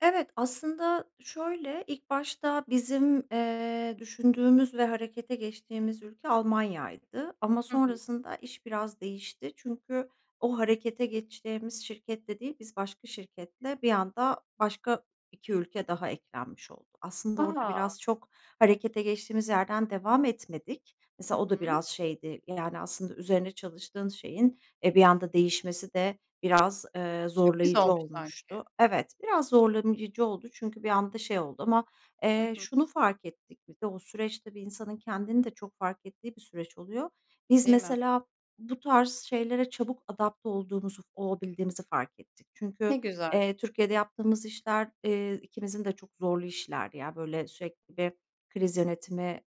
Evet, aslında şöyle; ilk başta bizim, eee, düşündüğümüz ve harekete geçtiğimiz ülke Almanya'ydı. Ama Hı hı. sonrasında iş biraz değişti. Çünkü o harekete geçtiğimiz şirketle değil, biz başka şirketle, bir anda başka 2 ülke daha eklenmiş oldu. Aslında orada A! biraz çok harekete geçtiğimiz yerden devam etmedik. Hı Mesela, o da hı. biraz şeydi. Yani, aslında, üzerine çalıştığın şeyin, eee, bir anda değişmesi de biraz, eee, Sürpriz zorlayıcı olmuş sanki. olmuştu. Evet, biraz zorlayıcı oldu çünkü bir anda şey oldu ama, Hı eee, hı. şunu fark ettik biz de; o süreç, tabii, insanın kendini de çok fark ettiği bir süreç oluyor. Biz, Değil mi? mesela, bu tarz şeylere çabuk adapte olduğumuzu, olabildiğimizi fark ettik. Ne Çünkü, güzel. eee, Türkiye'de yaptığımız işler, eee, ikimizin de çok zorlu işlerdi. Yani, böyle, sürekli bir kriz yönetimi,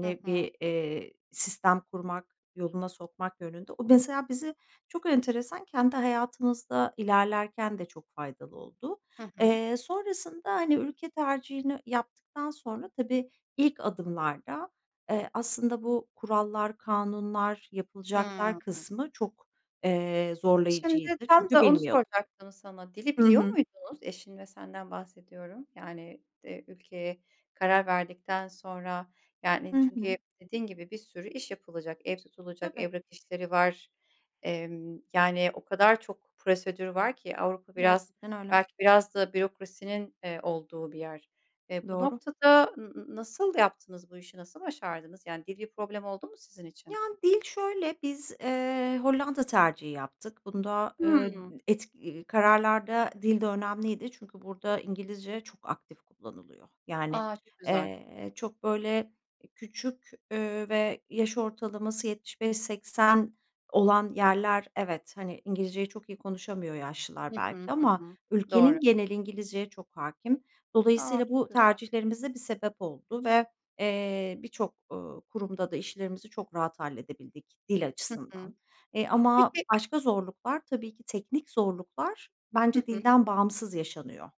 Hı hı. bir, eee, sistem kurmak, yoluna sokmak yönünde. O, mesela, bizi çok enteresan, kendi hayatımızda ilerlerken de çok faydalı oldu. Hı hı. Eee, sonrasında, hani, ülke tercihini yaptıktan sonra tabii, ilk adımlarda, eee, aslında bu kurallar, kanunlar, yapılacaklar Hıı. kısmı çok, eee, Şimdi zorlayıcıydı tam çünkü da onu bilmiyordum. soracaktım sana; dili Hı biliyor hı. muydunuz, eşin ve senden bahsediyorum, yani, eee, ülkeye karar verdikten sonra, Hı yani, çünkü hı. dediğin gibi, bir sürü iş yapılacak; ev tutulacak, Tabii. evrak işleri, var. Emm, yani, o kadar çok prosedür var ki, Avrupa biraz Gerçekten öyle. belki biraz da bürokrasinin, eee, olduğu bir yer. Eee, bu Doğru. noktada n n nasıl yaptınız bu işi, nasıl başardınız? Yani, dil bir problem oldu mu sizin için? Yani, dil şöyle; biz, eee, Hollanda tercihi yaptık. Bunda, eee, Hımm. d etk ııı, kararlarda dil de önemliydi çünkü burada İngilizce çok aktif kullanılıyor. Yani, A, çok güzel. eee, çok, böyle, küçük, eee, ve yaş ortalaması 75-80 olan yerler, evet, hani, İngilizceyi çok iyi konuşamıyor yaşlılar Hı hı. belki Hı ama hı. Doğru. ülkenin geneli İngilizceye çok hâkim. A, Dolayısıyla, çok bu güzel. tercihlerimiz de bir sebep oldu ve, eee, birçok, ııı, kurumda da işlerimizi çok rahat halledebildik dil Hı açısından. hı. Eee, ama Peki başka zorluklar, tabii ki teknik zorluklar Hı bence hı. dilden bağımsız yaşanıyor.